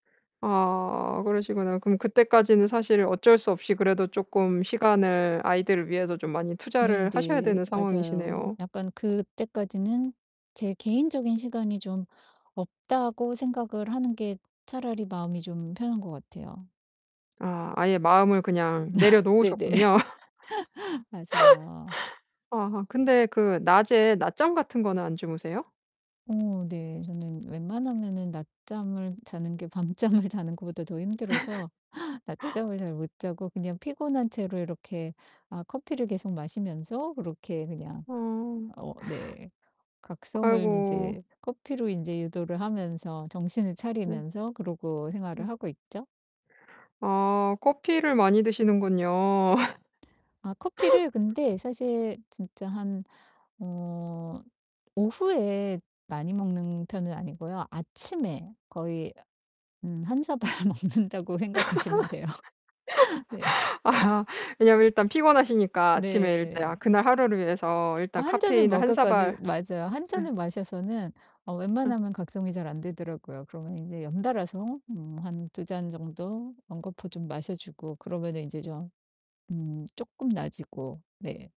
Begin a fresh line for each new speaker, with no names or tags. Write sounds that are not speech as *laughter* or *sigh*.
아 그러시구나. 그럼 그때까지는 사실 어쩔 수 없이 그래도 쪼끔 시간을 아이들을 위해서 좀 많이 투자를 하셔야 되는
네네 맞아요.
상황이시네요.
약간 그때까지는 제 개인적인 시간이 좀 없다고 생각을 하는 게 차라리 마음이 좀 편한 것 같아요.
아 아예 마음을 그냥
*laughs* 네네.
내려놓으셨군요.
*laughs* 맞아요.
*laughs* 아 근데 그 낮에 낮잠 같은 거는 안 주무세요?
어 네 저는 웬만하면은 낮잠을 자는 게 밤잠을 자는 것보다 더 힘들어서
*laughs* *gasps*
낮잠을 잘 못 자고 그냥 피곤한 채로 이렇게 아 커피를 계속 마시면서 그렇게 그냥
어. *gasps*
어 네. 각성을
아이고.
인제 커피로 인제 유도를 하면서 정신을
네.
차리면서 그러고 생활을
네.
하고 있죠.
아 커피를 많이 드시는군요.
아 커피를
*laughs*
근데 사실 진짜 한 어 오후에 많이 먹는 편은 아니고요 아침에 거의 어 음 1 사발 먹는다고 생각하시면 돼요. 네.
*laughs* 아 왜냐면 일단 피곤하시니까 아침에 일다 아
네.
그날 하루를 위해서
어
일단
1 잔을
카페인을 1 사발
먹었거는 맞아요. 1
네.
잔을 마셔서는 어
예.
웬만하면 각성이 잘 안 되더라고요. 그러면 인제 연달아서 음 한 2 잔 정도 연거푸 좀 마셔주고 그러면은 인제 좀 음 쪼끔 나아지고 네.